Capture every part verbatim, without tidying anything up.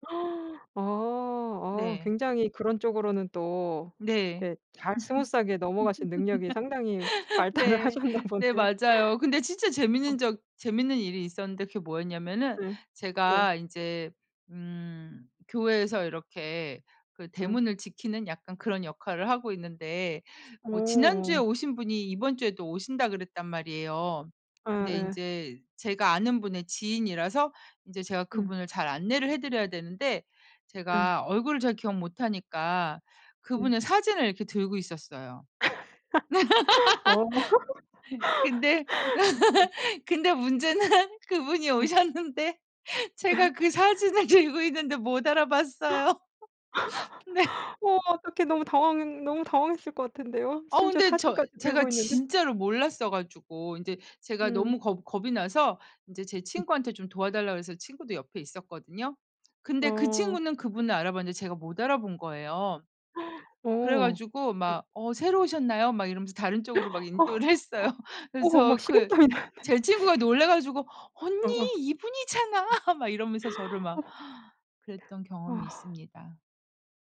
어 어 네. 굉장히 그런 쪽으로는 또 네. 예 잘 스무스하게 넘어가신 능력이 상당히 발달을 네. 하셨나 네. 보네요. 맞아요. 근데 진짜 어. 재밌는 적 재밌는 일이 있었는데 그게 뭐였냐면은 네. 네. 제가 인제 음 교회에서 이렇게 그 음. 대문을 지키는 약간 그런 역할을 하고 있는데 어 뭐 지난주에 어. 오신 분이 "이번 주에도 오신다." 그랬단 말이에요. 근데 예예. 인제 제가 아는 분의 지인이라서 인제 제가 음. 그분을 잘 안내를 해 드려야 되는데 예. 제가 얼굴을 잘 기억 못 하니까 음. 그분의 사진을 이렇게 들고 있었어요. 어. 근데 예. 근데 문제는 그분이 음. 오셨는데 제가 그 사진을 들고 있는데 못 알아봤어요. 네. 어 어떻게 너무 당황 너무 당황했을 것 같은데요. 아 심지어 근데 저 사진까지 제가 들고 있는데. 진짜로 몰랐어 가지고 인제 제가 음. 너무 겁 겁이 나서 이제 제 음. 친구한테 좀 도와 달라고 그래서 친구도 옆에 있었거든요. 근데 그 어. 친구는 그분을 알아봤는데 제가 못 알아본 거예요. 그래 어. 가지고 음. 막 "어 새로 오셨나요?" 막 이러면서 다른 쪽으로 막 어 인도를 했어요. 어 어 그래서 막 저 그 식은땀이 나네요. 제 친구가 놀라 가지고 "언니, 어어. 예. 이분이잖아." 막 이러면서 저를 막 어. 그랬던 경험이 아. 있습니다.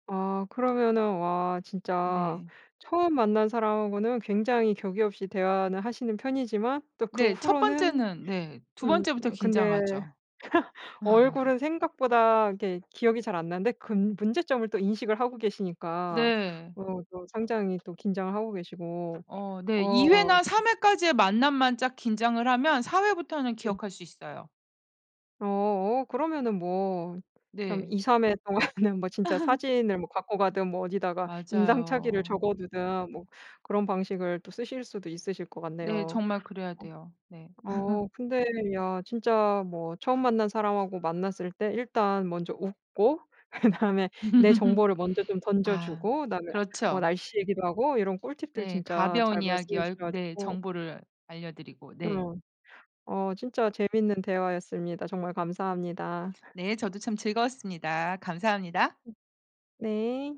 아 그러면은 와 진짜 네. 처음 만난 사람하고는 굉장히 격의 없이 대화는 하시는 편이지만 또 그 네. 첫 후로는 번째는 네. 두 음 번째부터 그냥 근데 긴장하죠. 얼굴은 생각보다 이게 기억이 잘 안 나는데 근 문제점을 또 인식을 하고 계시니까 네. 어 또 상당히 또 긴장을 하고 계시고. 어 네. 어 이 와. 회나 삼 회까지의 만남만 짝 긴장을 하면 사 회부터는 예. 기억할 수 있어요. 어 어 그러면은 뭐 참 네. 이삼 회 동안은 뭐 진짜 사진을 뭐 갖고 가든 뭐 어디다가 인상착의를 맞아요. 적어 두든 뭐 그런 방식을 또 쓰실 수도 있으실 것 네. 같네요. 정말 그래야 돼요. 네. 어 어 근데 야 진짜 뭐 처음 만난 사람하고 만났을 때 일단 먼저 웃고 그다음에 내 정보를 먼저 좀 던져 아 주고 그다음에 뭐 그렇죠. 날씨 얘기도 하고 이런 꿀팁들 네. 진짜 가벼운 잘 이야기 말씀해 얼 주셔 네. 가지고 정보를 알려 드리고. 네. 어. 어 진짜 재밌는 대화였습니다. 정말 감사합니다. 네. 저도 참 즐거웠습니다. 감사합니다. 음. 네.